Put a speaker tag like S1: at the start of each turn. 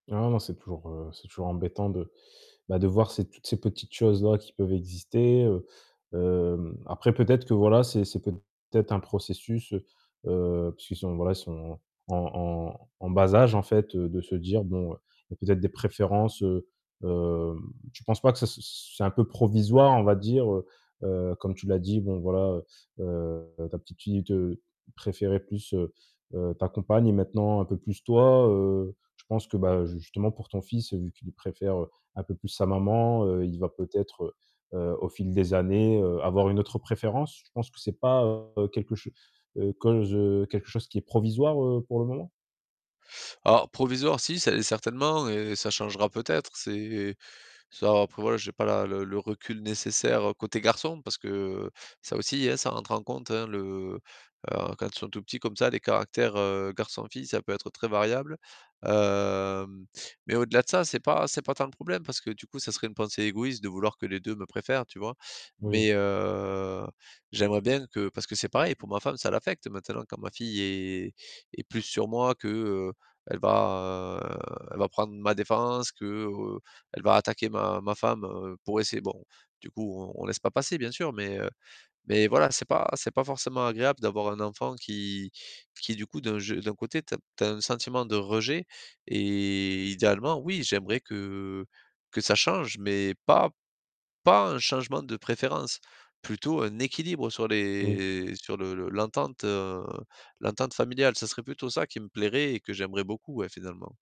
S1: Non, non, c'est toujours, heu, c'est toujours embêtant de, bah, de voir ces toutes ces petites choses-là qui peuvent exister, heu, hem, après peut-être que voilà, c'est c'est peut-être un processus, heu, heu, puisqu'ils sont, voilà, ils sont en en en bas âge, en fait, heu, de se dire: «Bon, il y a peut-être des préférences». Heu, hem, tu penses pas que ça, c c'est un peu provisoire, on va dire? Heu, heu, comme tu l'as dit, bon, voilà, heu, heu, ta petite fille te préférait plus, heu, heu, ta compagne et maintenant un peu plus toi, heu, je pense que, bah, justement pour ton fils, vu qu'il préfère un peu plus sa maman, heu, il va peut-être, heu, heu, au fil des années, heu, avoir une autre préférence? Tu penses que c'est pas, heu, quelque chose heu, cause quelque chose, qui est provisoire, heu, pour le moment?
S2: Alors, provisoire, si cer certainement et ça changera peut-être, c'est ça, après voilà, j'ai pas la le le recul nécessaire, côté garçon, parce que ça aussi, hein, ça rentre en compte, hein, le heu, quand ils sont tout petits comme ça, les caractères, heu, garçon-fille, ça peut être très variable. Hem, mais au-delà de ça, c'est pas c'est pas tant le problème, parce que, du coup, ça serait une pensée égoïste de vouloir que les 2 me préfèrent, tu vois? Mais,
S1: Oui.
S2: heu, j'aimerais bien que parce que c'est pareil pour ma femme: ça l'affecte maintenant, quand ma fille est est plus sur moi que, heu, elle va, elle va prendre ma défense, qu'elle va attaquer ma ma femme, heu, pour essayer bon, du coup, on on laisse pas passer bien sûr, mais, heu, mais voilà c'est pas c'est pas forcément agréable d'avoir un enfant qui qui, du coup, d'un je d'un côté, tu as tu as un sentiment de rejet et idéalement, oui, j'aimerais que que ça change, mais pas pas un changement de préférence, plutôt un équilibre sur
S1: Oui.
S2: les sur le le l'entente, heu, l'entente familiale, ça serait plutôt ça, qui me plairait et que j'aimerais beaucoup, ouais, finalement.